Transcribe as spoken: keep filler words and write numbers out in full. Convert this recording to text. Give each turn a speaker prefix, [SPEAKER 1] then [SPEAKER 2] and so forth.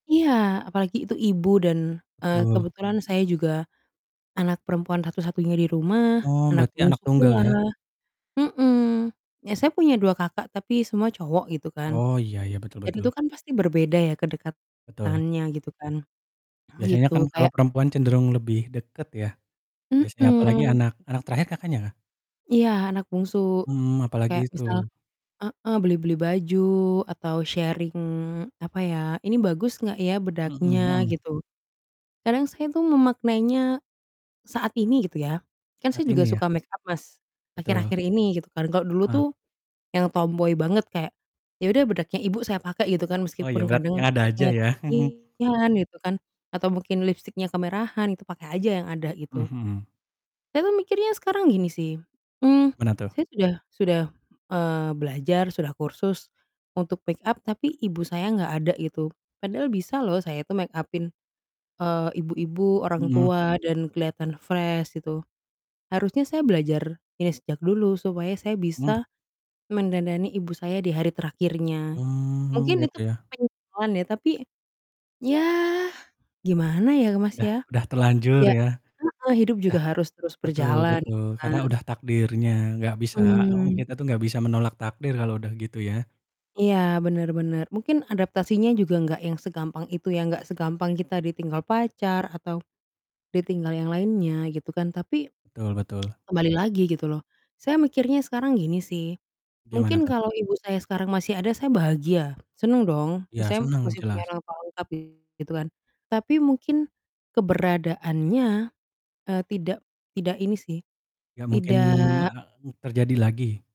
[SPEAKER 1] Iya, apalagi itu ibu dan, eee,
[SPEAKER 2] Betul.
[SPEAKER 1] kebetulan saya juga anak perempuan satu-satunya di rumah,
[SPEAKER 2] Oh,
[SPEAKER 1] anak
[SPEAKER 2] berarti anak
[SPEAKER 1] bungsu
[SPEAKER 2] tunggal
[SPEAKER 1] pula.
[SPEAKER 2] ya?
[SPEAKER 1] Mhm, ya saya punya dua kakak, tapi semua cowok gitu kan.
[SPEAKER 2] Oh, iya iya, betul
[SPEAKER 1] Dan itu
[SPEAKER 2] betul.
[SPEAKER 1] kan pasti berbeda ya
[SPEAKER 2] Betul.
[SPEAKER 1] kedekatannya gitu kan,
[SPEAKER 2] Biasanya
[SPEAKER 1] gitu.
[SPEAKER 2] kan kalau
[SPEAKER 1] Kayak
[SPEAKER 2] perempuan cenderung lebih deket ya, biasanya, apalagi
[SPEAKER 1] Mhm.
[SPEAKER 2] anak anak terakhir Kakaknya kah?
[SPEAKER 1] Iya, anak bungsu.
[SPEAKER 2] Hmm, apalagi
[SPEAKER 1] Kayak
[SPEAKER 2] itu.
[SPEAKER 1] misal heeh, beli-beli baju, atau sharing, apa ya, "Ini bagus enggak ya
[SPEAKER 2] Mhm
[SPEAKER 1] bedaknya?"
[SPEAKER 2] mhm.
[SPEAKER 1] Gitu. Kadang saya itu memaknainya saat ini gitu ya, kan saya
[SPEAKER 2] Saat
[SPEAKER 1] juga
[SPEAKER 2] ini ya?
[SPEAKER 1] suka make-up, Mas,
[SPEAKER 2] Betul.
[SPEAKER 1] akhir-akhir ini gitu kan, kalau dulu
[SPEAKER 2] Ah.
[SPEAKER 1] tuh yang tomboy banget, kayak ya udah bedaknya ibu saya pakai gitu kan
[SPEAKER 2] Oh ya,
[SPEAKER 1] meskipun
[SPEAKER 2] berarti
[SPEAKER 1] kadang
[SPEAKER 2] yang ada aja
[SPEAKER 1] shade-nya
[SPEAKER 2] ya?
[SPEAKER 1] keputihan gitu kan, atau mungkin lipstiknya kemerahan, itu pakai aja yang ada
[SPEAKER 2] Mmm,
[SPEAKER 1] gitu.
[SPEAKER 2] mhm.
[SPEAKER 1] Saya tuh mikirnya sekarang gini sih, mmm,
[SPEAKER 2] Mana tuh?
[SPEAKER 1] saya sudah sudah, eee, belajar, sudah kursus, untuk make-up, tapi ibu saya enggak ada gitu. Padahal bisa loh saya tuh make up-in, eee, ibu-ibu, orang
[SPEAKER 2] Mhm.
[SPEAKER 1] tua, dan kelihatan fresh gitu. Harusnya saya belajar ini sejak dulu supaya saya
[SPEAKER 2] Hmm.
[SPEAKER 1] bisa mendandani ibu saya di hari terakhirnya.
[SPEAKER 2] Hmm,
[SPEAKER 1] Mungkin
[SPEAKER 2] gitu
[SPEAKER 1] itu
[SPEAKER 2] ya?
[SPEAKER 1] penyesalan ya, tapi, ya, gimana ya, Mas,
[SPEAKER 2] Udah
[SPEAKER 1] ya.
[SPEAKER 2] udah terlanjur
[SPEAKER 1] Ya
[SPEAKER 2] ya?
[SPEAKER 1] heeh, hidup juga
[SPEAKER 2] Dah
[SPEAKER 1] harus terus
[SPEAKER 2] betul
[SPEAKER 1] berjalan
[SPEAKER 2] betul,
[SPEAKER 1] gitu kan?
[SPEAKER 2] karena udah takdirnya. Nggak bisa heeh,
[SPEAKER 1] Mhm.
[SPEAKER 2] kita tuh nggak bisa menolak takdir kalau udah gitu ya?
[SPEAKER 1] Iya, benar benar, mungkin adaptasinya juga enggak yang segampang itu ya, enggak segampang kita ditinggal pacar, atau ditinggal yang lainnya gitu kan, tapi
[SPEAKER 2] Betul betul.
[SPEAKER 1] kembali lagi gitu loh. Saya mikirnya sekarang gini sih,
[SPEAKER 2] Gimana
[SPEAKER 1] mungkin
[SPEAKER 2] tuh?
[SPEAKER 1] kalau ibu saya sekarang masih ada saya bahagia, senang dong,
[SPEAKER 2] Ya
[SPEAKER 1] maksudnya
[SPEAKER 2] senang,
[SPEAKER 1] masih punya
[SPEAKER 2] jelas.
[SPEAKER 1] orang tua lengkap gitu kan, tapi mungkin keberadaannya, eee, tidak tidak, ini sih,
[SPEAKER 2] Nggak mungkin, e
[SPEAKER 1] tidak
[SPEAKER 2] n terjadi lagi